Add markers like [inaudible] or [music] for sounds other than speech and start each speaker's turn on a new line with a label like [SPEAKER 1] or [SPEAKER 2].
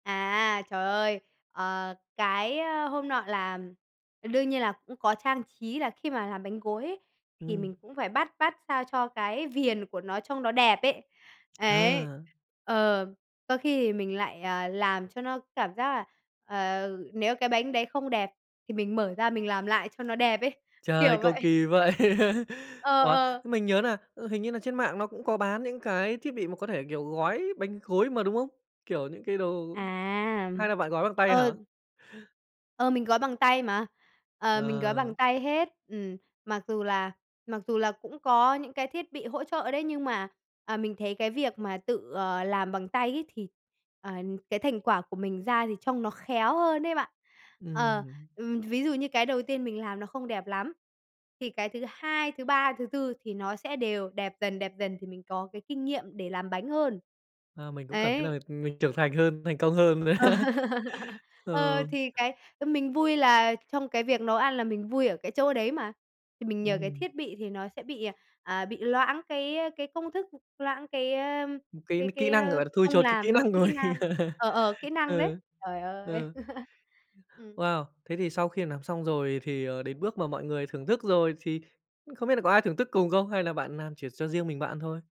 [SPEAKER 1] À, trời ơi! Ờ, cái, a, hôm nọ là ờ, đương nhiên là cũng có trang trí là khi mà làm bánh gối ấy thì
[SPEAKER 2] Ừm.
[SPEAKER 1] mình cũng phải bắt bắt sao cho cái viền của nó trong nó đẹp ấy. Ấy.
[SPEAKER 2] À!
[SPEAKER 1] Ờ. Có khi thì mình lại, à, làm cho nó cảm giác là, ờ, nếu cái bánh đấy không đẹp thì mình mở ra mình làm lại cho nó đẹp ấy.
[SPEAKER 2] Trời,
[SPEAKER 1] Kiểu
[SPEAKER 2] cầu
[SPEAKER 1] vậy.
[SPEAKER 2] kỳ vậy. [laughs]
[SPEAKER 1] Ờ,
[SPEAKER 2] Ủa,
[SPEAKER 1] ờ.
[SPEAKER 2] thế mình nhớ nà, ừ, hình như là trên mạng nó cũng có bán những cái thiết bị mà có thể, kiểu, gói bánh gối mà, đúng không? Kiểu những cái đồ
[SPEAKER 1] À!
[SPEAKER 2] hay là bạn gói bằng tay hả?
[SPEAKER 1] Ờ. Ờ, mình gói bằng tay mà. Ờ, mình gói
[SPEAKER 2] Ờ.
[SPEAKER 1] bằng tay hết. Ừm. Mặc dù là mặc dù là cũng có những cái thiết bị hỗ trợ đấy, nhưng mà, à, mình thấy cái việc mà tự, ờ, làm bằng tay ấy thì, ờ, cái thành quả của mình ra thì trông nó khéo hơn đấy bạn. Ờ.
[SPEAKER 2] Ừm.
[SPEAKER 1] Ừm, ví dụ như cái đầu tiên mình làm nó không đẹp lắm, thì cái thứ 2, thứ 3, thứ 4 thì nó sẽ đều đẹp dần, đẹp dần thì mình có cái kinh nghiệm để làm bánh hơn.
[SPEAKER 2] À, mình cũng cảm thấy
[SPEAKER 1] Ấy.
[SPEAKER 2] là, ừm, mình trưởng thành hơn, thành công hơn nữa.
[SPEAKER 1] Ờ, [laughs]
[SPEAKER 2] Ờ.
[SPEAKER 1] ờ, thì cái, ơ, mình vui là trong cái việc nấu ăn là mình vui ở cái chỗ đấy mà. Thì mình nhờ cái
[SPEAKER 2] Ừm.
[SPEAKER 1] thiết bị thì nó sẽ bị, à, à, bị loãng cái, ơ, cái công thức, ừm, loãng cái, ơ,
[SPEAKER 2] Ừm, cái
[SPEAKER 1] cái
[SPEAKER 2] kỹ
[SPEAKER 1] cái,
[SPEAKER 2] năng,
[SPEAKER 1] ơ,
[SPEAKER 2] gọi là, thui
[SPEAKER 1] công
[SPEAKER 2] chột cái
[SPEAKER 1] làm
[SPEAKER 2] kỹ
[SPEAKER 1] nó
[SPEAKER 2] năng
[SPEAKER 1] kỹ
[SPEAKER 2] rồi.
[SPEAKER 1] năng ờ, ờ, kỹ
[SPEAKER 2] [laughs]
[SPEAKER 1] năng đấy.
[SPEAKER 2] Ừ.
[SPEAKER 1] Trời ơi!
[SPEAKER 2] Ừ.
[SPEAKER 1] [laughs] Ừm.
[SPEAKER 2] Wow! Thế thì sau khi làm xong rồi thì, ờ, đến bước mà mọi người thưởng thức rồi thì, ư, không biết là có ai thưởng thức cùng không hay là bạn làm chỉ cho riêng mình bạn ăn thôi?